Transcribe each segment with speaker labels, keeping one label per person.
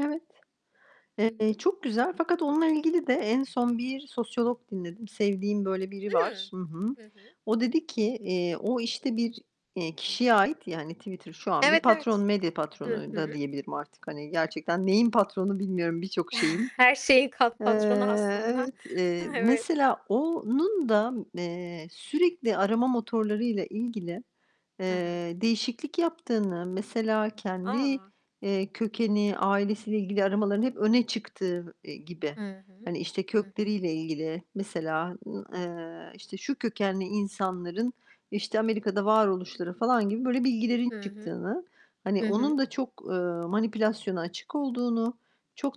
Speaker 1: Evet.
Speaker 2: Hı
Speaker 1: Eee,
Speaker 2: hı.
Speaker 1: çok güzel. Fakat onunla ilgili de en son bir sosyolog dinledim. Sevdiğim böyle biri
Speaker 2: Hı.
Speaker 1: var. Hı hı.
Speaker 2: Hı hı.
Speaker 1: O dedi ki, eee, o, işte, bir, eee, kişiye ait, yani, hani, Twitter şu an bir
Speaker 2: Evet,
Speaker 1: patron,
Speaker 2: evet.
Speaker 1: medya
Speaker 2: Hı
Speaker 1: patronu da
Speaker 2: hı.
Speaker 1: diyebilirim artık, hani, gerçekten neyin patronu bilmiyorum, birçok şeyin.
Speaker 2: Her şeyin kat
Speaker 1: Eee
Speaker 2: patronu aslında.
Speaker 1: Evet, eee,
Speaker 2: Evet.
Speaker 1: mesela onun da, eee, sürekli arama motorlarıyla ilgili,
Speaker 2: Hı hı.
Speaker 1: eee, değişiklik yaptığını, mesela kendi,
Speaker 2: A!
Speaker 1: eee, kökeni, ailesiyle ilgili aramaların hep öne çıktığı, eee, gibi,
Speaker 2: Hı hı.
Speaker 1: hani, işte,
Speaker 2: Hı hı.
Speaker 1: kökleriyle ilgili mesela, ııı, eee, işte, şu kökenli insanların, işte, Amerika'da varoluşları falan gibi böyle bilgilerin
Speaker 2: Hı hı.
Speaker 1: çıktığını, hani
Speaker 2: Hı
Speaker 1: onun
Speaker 2: hı.
Speaker 1: da çok, ııı, manipülasyona açık olduğunu,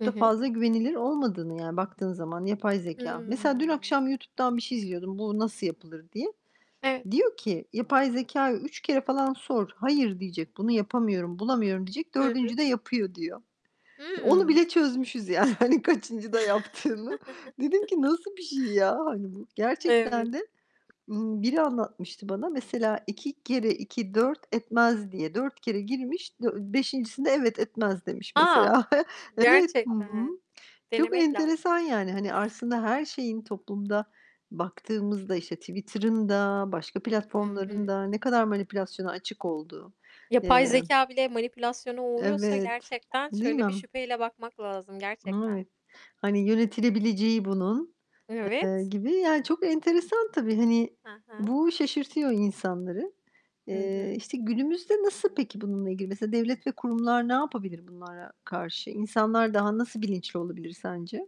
Speaker 2: Hı
Speaker 1: da
Speaker 2: hı.
Speaker 1: fazla güvenilir olmadığını, yani baktığın zaman yapay zekâ. Mesela dün
Speaker 2: Hıı.
Speaker 1: akşam YouTube'dan bir şey izliyordum, bu nasıl yapılır diye.
Speaker 2: Evet.
Speaker 1: Diyor ki yapay zekâya 3 kere falan sor. Hayır, diyecek, bunu yapamıyorum, bulamıyorum diyecek.
Speaker 2: Hı hı.
Speaker 1: 4.'de yapıyor, diyor. Eee, onu
Speaker 2: Hıı.
Speaker 1: bile çözmüşüz yani, hani, kaçıncıda yaptığını. Dedim ki nasıl bir şey ya, hani, bu?
Speaker 2: Evet.
Speaker 1: Gerçekten de, ımm, biri anlatmıştı bana. Mesela 2 kere 2 4 etmez diye. 4 kere girmiş, Dö 5.'sinde evet, etmez demiş mesela.
Speaker 2: A!
Speaker 1: Evet, hı hı.
Speaker 2: Gerçekten.
Speaker 1: Çok
Speaker 2: Denemek lazım.
Speaker 1: enteresan yani. Hani, aslında her şeyin toplumda baktığımızda, işte, Twitter'ın da, başka
Speaker 2: Hı
Speaker 1: platformların
Speaker 2: hı.
Speaker 1: da ne kadar manipülasyona açık olduğu,
Speaker 2: Yapay
Speaker 1: emm
Speaker 2: zekâ bile manipülasyona uğruyorsa
Speaker 1: Evet,
Speaker 2: gerçekten
Speaker 1: değil mi?
Speaker 2: şöyle bir şüpheyle bakmak lazım
Speaker 1: N
Speaker 2: gerçekten.
Speaker 1: evet. Hani, yönetilebileceği bunun,
Speaker 2: N
Speaker 1: eee,
Speaker 2: evet.
Speaker 1: gibi Yani, çok enteresan tabii. Hani
Speaker 2: Hı hı.
Speaker 1: bu şaşırtıyor insanları.
Speaker 2: Hı
Speaker 1: Eee,
Speaker 2: hı.
Speaker 1: işte, günümüzde nasıl peki bununla ilgili? Mesela devlet ve kurumlar ne yapabilir bunlara karşı? İnsanlar daha nasıl bilinçli olabilir sence?